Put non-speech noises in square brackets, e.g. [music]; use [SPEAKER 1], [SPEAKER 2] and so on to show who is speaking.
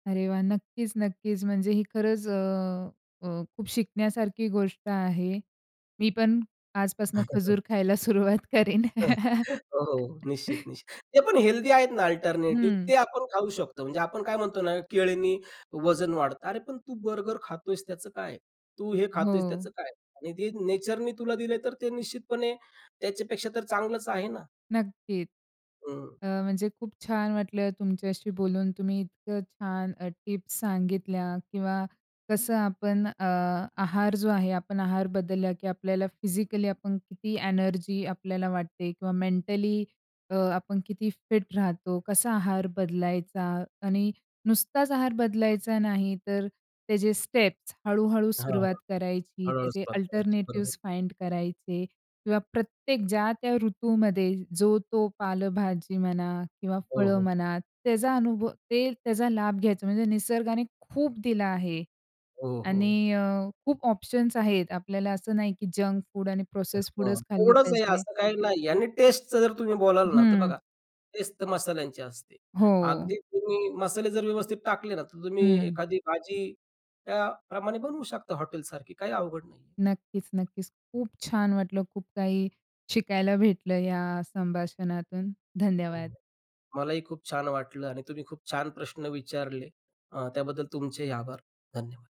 [SPEAKER 1] अरे वाह! नक्कीच, नक्कीच. म्हणजे ही खरंच अ, अ, खूप शिकण्यासारखी गोष्ट आहे. मी पण आजपासनं
[SPEAKER 2] [chuckles]
[SPEAKER 1] खजूर खायला सुरुवात करेन.
[SPEAKER 2] [chuckles] हो, हो, निश्चित,
[SPEAKER 1] [chuckles]
[SPEAKER 2] निश्चित. ते पण हेल्दी आहेत ना अल्टरनेटिव्ह
[SPEAKER 1] हं.
[SPEAKER 2] ते आपण खाऊ शकतो. म्हणजे आपण काय म्हणतो ना, केळ्यांनी वजन वाढतं. अरे पण तू बर्गर खातोयस त्याचं काय? तू हे खातोयस त्याचं
[SPEAKER 1] हो.
[SPEAKER 2] काय? आणि ते नेचरनी तुला दिलंय तर ते निश्चितपणे त्याच्यापेक्षा तर चांगलच आहे ना?
[SPEAKER 1] नक्कीच.
[SPEAKER 2] हं.
[SPEAKER 1] अ, म्हणजे खूप छान वाटलं तुमच्याशी बोलून. तुम्ही इतकं छान अ, टिप्स सांगितल्या किंवा कसं आपण अ, आहार जो आहे, आपण आहार बदलला, की आपल्याला फिजिकली आपण किती एनर्जी आपल्याला वाटते किंवा मेंटली अ, आपण किती फिट राहतो. कसा आहार बदलायचा आणि नुसताच आहार बदलायचा नाही तर त्याचे स्टेप्स हळू-हळू
[SPEAKER 2] हां, हां.
[SPEAKER 1] सुरुवात करायची,
[SPEAKER 2] हळू-हळू
[SPEAKER 1] त्याचे
[SPEAKER 2] सुरुवात करायची, बरोबर.
[SPEAKER 1] अल्टरनेटिव्हज फाइंड करायचे किंवा प्रत्येक ज्या त्या ऋतूमध्ये जो तो पालेभाजी म्हणा किंवा
[SPEAKER 2] हो,
[SPEAKER 1] फळं
[SPEAKER 2] हो.
[SPEAKER 1] म्हणा त्याचा अनुभव ते त्याचा लाभ घ्यायचा. म्हणजे निसर्गाने खूप दिलं आहे
[SPEAKER 2] हो, हो.
[SPEAKER 1] आणि अ, खूप ऑप्शन्स आहेत. आपल्याला असं नाही, की जंक फूड आणि
[SPEAKER 2] अ,
[SPEAKER 1] प्रोसेस्ड
[SPEAKER 2] हां
[SPEAKER 1] फुडच खाल्ले
[SPEAKER 2] थोडस हे
[SPEAKER 1] पाहिजे.
[SPEAKER 2] असं काही नाही आणि टेस्टचं जर तुम्ही बोलाल ना तर
[SPEAKER 1] हं.
[SPEAKER 2] बघा, टेस्ट तर मसाल्यांची असते.
[SPEAKER 1] हो.
[SPEAKER 2] अगदी तुम्ही मसाले जर व्यवस्थित टाकले ना, तर तुम्ही
[SPEAKER 1] हं.
[SPEAKER 2] एखादी भाजी त्या प्रमाणे बनवू शकता हॉटेलसारखी. काही अवघड नाहीये.
[SPEAKER 1] नक्कीच, नक्कीच. खूप छान वाटलं. खूप काही शिकायला भेटलं ह्या संभाषणातून
[SPEAKER 2] हो,
[SPEAKER 1] धन्यवाद.
[SPEAKER 2] हो. मलाही खूप छान वाटलं आणि तुम्ही खूप छान प्रश्न विचारले. अ, त्याबद्दल तुमचेही आभार, धन्यवाद.